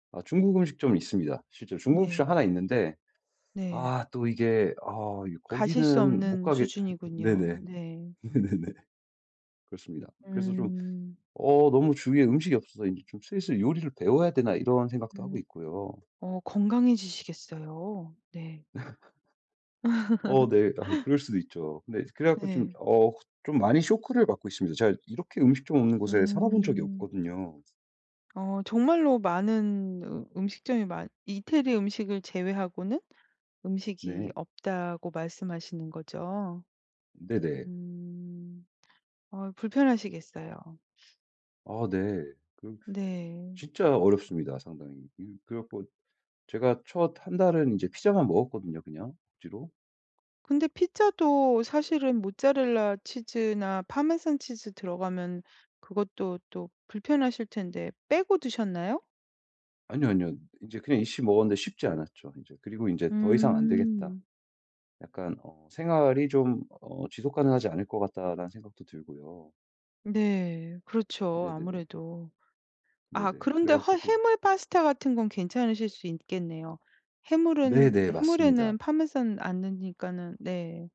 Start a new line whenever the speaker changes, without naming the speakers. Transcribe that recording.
아 중국 음식점이 있습니다. 실제로 중국 음식점
네.
1 있는데
네.
아 또 이게 어이
가실 수
거기는 못
없는
가게
수준이군요.
네네.
네.
네네네. 그렇습니다. 그래서 좀
음.
어 너무 주위에 음식이 없어서 인제 좀 슬슬 요리를 배워야 되나 이런 생각도 하고
음.
있고요.
어 건강해지시겠어요. 네.
어 네. 아 그럴 수도 있죠. 근데 그래 갖고 좀
네.
어 좀 많이 쇼크를 받고 있습니다. 제가 이렇게 음식점 없는 곳에 살아본 적이
음.
없거든요.
어 정말로 많은 으 음식점이 많 이태리 음식을 제외하고는 음식이
네.
없다고 말씀하시는 거죠?
네네.
음. 아 불편하시겠어요.
아 네. 그
네.
진짜 어렵습니다 상당히. 그래 갖고 제가 첫 1 달은 이제 피자만 먹었거든요 그냥 억지로.
근데 피자도 사실은 모짜렐라 치즈나 파마산 치즈 들어가면 그것도 또 불편하실 텐데 빼고 드셨나요?
아니요, 아니요. 인제 그냥 있어 먹었는데 쉽지 않았죠 인제. 그리고 인제 더 이상 안 되겠다
음.
약간 어 생활이 좀 어 지속 가능하지 않을 것 같다라는 생각도 들고요.
네. 그렇죠.
네네네.
아무래도 아
네네. 그래
그런데 하
갖고 좀
해물 파스타 같은 건 괜찮으실 수 있겠네요. 해물은
네네. 맞습니다.
해물에는 파마산 안 넣으니까는 네.